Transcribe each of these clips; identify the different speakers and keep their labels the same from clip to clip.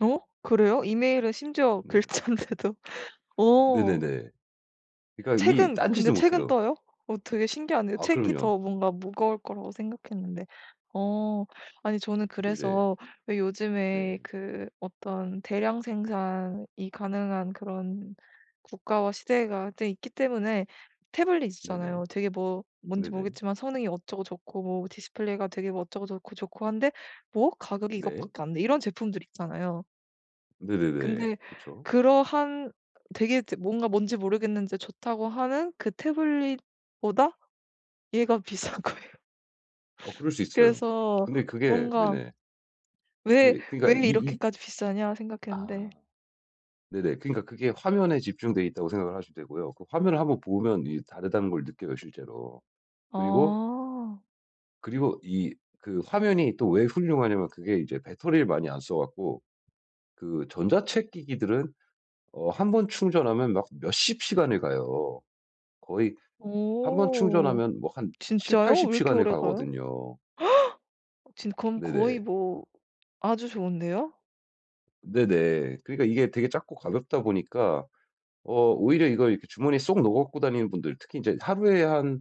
Speaker 1: 어? 그래요? 이메일은 심지어
Speaker 2: 네.
Speaker 1: 글자인데도. 어.
Speaker 2: 네네네. 그니까 이
Speaker 1: 책은
Speaker 2: 딴
Speaker 1: 근데
Speaker 2: 짓을
Speaker 1: 책은
Speaker 2: 못해요.
Speaker 1: 떠요? 어 되게 신기하네요.
Speaker 2: 아
Speaker 1: 책이
Speaker 2: 그럼요.
Speaker 1: 더 뭔가 무거울 거라고 생각했는데. 어. 아니 저는
Speaker 2: 네네.
Speaker 1: 그래서 왜 요즘에
Speaker 2: 네.
Speaker 1: 그 어떤 대량 생산이 가능한 그런 국가와 시대가 되 있기 때문에 태블릿이
Speaker 2: 네네.
Speaker 1: 있잖아요. 되게 뭐 뭔지
Speaker 2: 네네.
Speaker 1: 모르겠지만 '성능이 어쩌고 좋고 뭐 디스플레이가 되게 뭐 어쩌고 좋고, 좋고 한데 뭐? 가격이
Speaker 2: 네.
Speaker 1: 이것밖에 안 돼?' 이런 제품들이 있잖아요.
Speaker 2: 네네네.
Speaker 1: 근데
Speaker 2: 그쵸.
Speaker 1: 그러한 되게 뭔가 뭔지 모르겠는데 좋다고 하는 그 태블릿보다 얘가 비싼 거예요.
Speaker 2: 어 그럴 수 있어요.
Speaker 1: 그래서
Speaker 2: 근데 그게
Speaker 1: 뭔가
Speaker 2: 네네.
Speaker 1: 왜
Speaker 2: 네 그니까 이
Speaker 1: 왜
Speaker 2: 이
Speaker 1: 이렇게까지 비싸냐 생각했는데.
Speaker 2: 아. 네네. 그니까 그게 화면에 집중돼 있다고 생각을 하셔도 되고요. 그 화면을 1 번 보면 다르다는 걸 느껴요. 실제로. 그리고
Speaker 1: 아.
Speaker 2: 그리고 이 그 화면이 또 왜 훌륭하냐면 그게 이제 배터리를 많이 안 써갖고 그 전자책 기기들은 어 1 번 충전하면 막 몇십 시간을 가요. 거의 1 번
Speaker 1: 어.
Speaker 2: 충전하면 뭐 한
Speaker 1: 진짜요? 왜
Speaker 2: 70-80
Speaker 1: 이렇게
Speaker 2: 시간을
Speaker 1: 오래 가요?
Speaker 2: 가거든요.
Speaker 1: 지금 그럼 거의
Speaker 2: 네네.
Speaker 1: 뭐 아주 좋은데요?
Speaker 2: 네네. 그러니까 이게 되게 작고 가볍다 보니까 어 오히려 이걸 이렇게 주머니에 쏙 넣어가지고 다니는 분들 특히 이제 하루에 한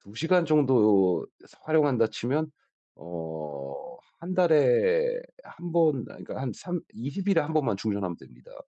Speaker 2: 2 시간 정도 활용한다 치면 어 1 달에 1 번 아 그니까 한 3 20 일에 1 번만 충전하면 됩니다.